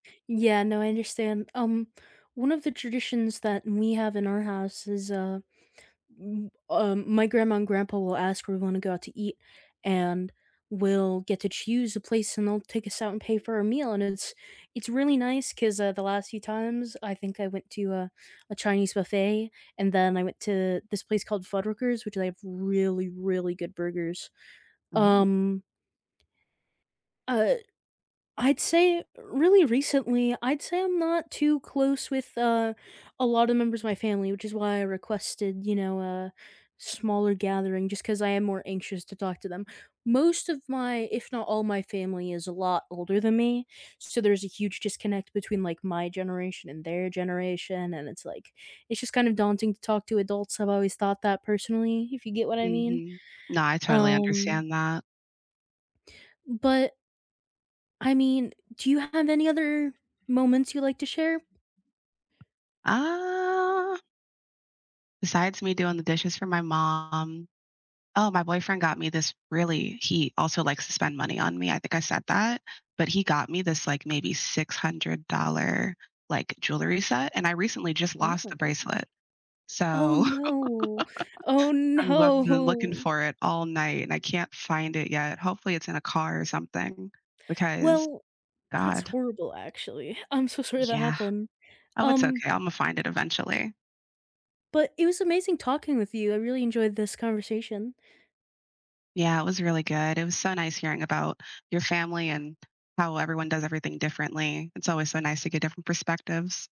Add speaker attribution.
Speaker 1: Yeah, no, I understand. Um, one of the traditions that we have in our house is, uh, um, my grandma and grandpa will ask if we wanna go out to eat, and we'll get to choose a place and they'll take us out and pay for a meal, and it's it's really nice 'cause, uh, the last few times, I think I went to, uh, a Chinese buffet, and then I went to this place called Fuddruckers, which they have really, really good burgers.
Speaker 2: Oh.
Speaker 1: Um uh, I'd say Really recently, I'd say I'm not too close with, uh, a lot of members of my family, which is why I requested, you know, a smaller gathering just 'cause I am more anxious to talk to them. Most of my, if not all my family, is a lot older than me, so there's a huge disconnect between, like, my generation and their generation and it's like, it's just kind of daunting to talk to adults. I've always thought that personally, if you get what I mean.
Speaker 2: Mhm. No, I totally
Speaker 1: Um
Speaker 2: understand that.
Speaker 1: But I mean, do you have any other moments you'd like to share?
Speaker 2: Uh. Besides me doing the dishes for my mom Oh, my boyfriend got me this really He also likes to spend money on me, I think I said that, but he got me this, like, maybe $600, like, jewelry set, and I recently just
Speaker 1: Oh
Speaker 2: lost
Speaker 1: my
Speaker 2: the bracelet.
Speaker 1: gosh. Oh,
Speaker 2: So
Speaker 1: no. Oh,
Speaker 2: I'm loved and then looking
Speaker 1: no.
Speaker 2: for it all night, and I can't find it yet. Hopefully, it's in a car or something, because
Speaker 1: Well, that's
Speaker 2: God.
Speaker 1: horrible, actually. I'm so sorry that
Speaker 2: Yeah.
Speaker 1: happened.
Speaker 2: Oh, it's
Speaker 1: Um
Speaker 2: okay, Imma find it eventually.
Speaker 1: But it was amazing talking with you. I really enjoyed this conversation.
Speaker 2: Yeah, it was really good. It was so nice hearing about your family and how everyone does everything differently. It's always so nice to get different perspectives.